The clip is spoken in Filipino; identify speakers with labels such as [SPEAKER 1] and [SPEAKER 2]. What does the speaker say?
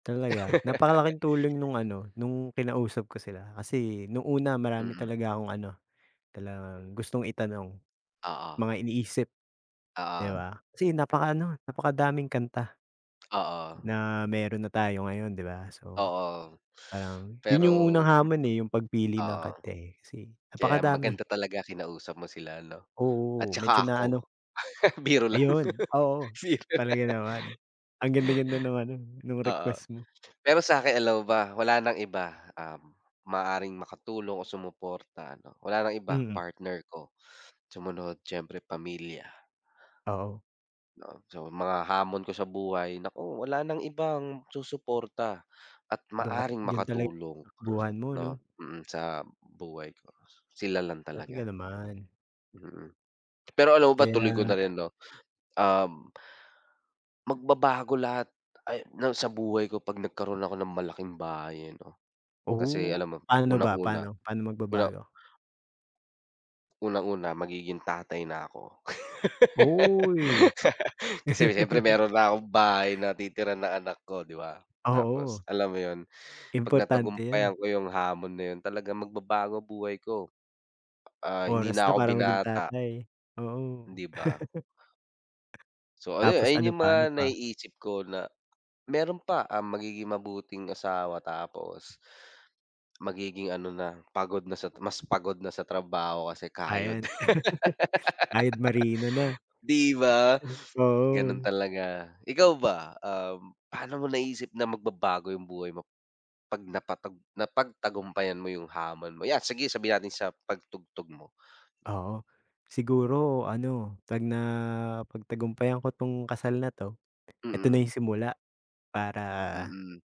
[SPEAKER 1] Talaga, napakalaking tulong no'ng ano, no'ng kinausap ko sila, kasi no'ng una, marami
[SPEAKER 2] Mm.
[SPEAKER 1] talaga akong ano, talagang gustong itanong.
[SPEAKER 2] Oo.
[SPEAKER 1] Mga iniisip, 'di
[SPEAKER 2] Oo.
[SPEAKER 1] ba, kasi napaka-ano, napakadaming kanta
[SPEAKER 2] Oo.
[SPEAKER 1] na mayro'n na tayo ngayon 'di ba. So,
[SPEAKER 2] Oo.
[SPEAKER 1] parang 'yon 'yong unang
[SPEAKER 2] Pero
[SPEAKER 1] hamon eh, 'yong pagpili ng
[SPEAKER 2] Oo.
[SPEAKER 1] kanta eh, kasi
[SPEAKER 2] Kaya
[SPEAKER 1] napakadami.
[SPEAKER 2] maganda talaga kinausap mo sila 'no. At
[SPEAKER 1] Oo, medyo
[SPEAKER 2] saka
[SPEAKER 1] na ano
[SPEAKER 2] ako. Biro lang.
[SPEAKER 1] Ayon, oo,
[SPEAKER 2] Singer.
[SPEAKER 1] talaga naman. Ang ganda-ganda naman no'n, no'ng
[SPEAKER 2] Oo.
[SPEAKER 1] request mo.
[SPEAKER 2] Pero sa'kin, alam mo ba? Wala ng iba, um, maaaring makatulong o sumuporta ano. Wala ng iba,
[SPEAKER 1] Mm.
[SPEAKER 2] partner ko, sumunod siyempre pamilya.
[SPEAKER 1] Oo.
[SPEAKER 2] 'No. So, mga hamon ko sa buhay, naku, wala nang ibang susuporta at
[SPEAKER 1] Do'n ka't
[SPEAKER 2] maaaring
[SPEAKER 1] 'yon talaga
[SPEAKER 2] makatulong,
[SPEAKER 1] takbuhan mo
[SPEAKER 2] 'no,
[SPEAKER 1] 'no.
[SPEAKER 2] mm, sa buhay ko. Sila lang
[SPEAKER 1] Dati ka
[SPEAKER 2] talaga.
[SPEAKER 1] naman.
[SPEAKER 2] Mm. Pero alam mo ba, tuloy ko na
[SPEAKER 1] Kaya
[SPEAKER 2] rin 'no, um, magbabago lahat ay ng sa buhay ko 'pag nagkaroon ako ng malaking bahay ano. Kasi
[SPEAKER 1] Oo.
[SPEAKER 2] alam mo
[SPEAKER 1] Paano ba?
[SPEAKER 2] unang-una, una,
[SPEAKER 1] Pa'no? Paano
[SPEAKER 2] wala
[SPEAKER 1] magbabago?
[SPEAKER 2] unang-una, magiging tatay na ako.
[SPEAKER 1] Uy.
[SPEAKER 2] Kasi siyempre mayro'n na akong bahay na titiran ng anak ko 'di ba. Tapos,
[SPEAKER 1] Oo.
[SPEAKER 2] alam mo 'yon, 'pag
[SPEAKER 1] Importante 'yan.
[SPEAKER 2] napagtagumpayan ko 'yong hamon na 'yon, talagang magbabago buhay ko. Ah, hindi
[SPEAKER 1] Oras
[SPEAKER 2] na
[SPEAKER 1] na
[SPEAKER 2] ako
[SPEAKER 1] para maging
[SPEAKER 2] binata.
[SPEAKER 1] tatay. Oo.
[SPEAKER 2] 'Di ba? So, ano 'yon,
[SPEAKER 1] Tapos
[SPEAKER 2] ayon
[SPEAKER 1] ano
[SPEAKER 2] 'yong
[SPEAKER 1] pa?
[SPEAKER 2] mga
[SPEAKER 1] Ano pa?
[SPEAKER 2] naiisip ko na meron pa, um, magiging mabuting asawa, tapos magiging ano na, pagod na sa mas pagod na sa trabaho kasi
[SPEAKER 1] Ah,
[SPEAKER 2] kayod.
[SPEAKER 1] ayan. Kayod marino na.
[SPEAKER 2] 'Di ba, gano'n
[SPEAKER 1] Oo.
[SPEAKER 2] talaga. Ikaw ba? Um, paano mo naisip na magbabago 'yong buhay mo, 'pag nakapag napagtagumpayan mo 'yong hamon mo? 'Yan, sige sabihin natin sa pagtugtog mo?
[SPEAKER 1] Oo. Siguro ano, 'pag na-pagtagumpayan ko 'tong kasal na 'to, ito na
[SPEAKER 2] Mm.
[SPEAKER 1] 'yong simula, para
[SPEAKER 2] Mm.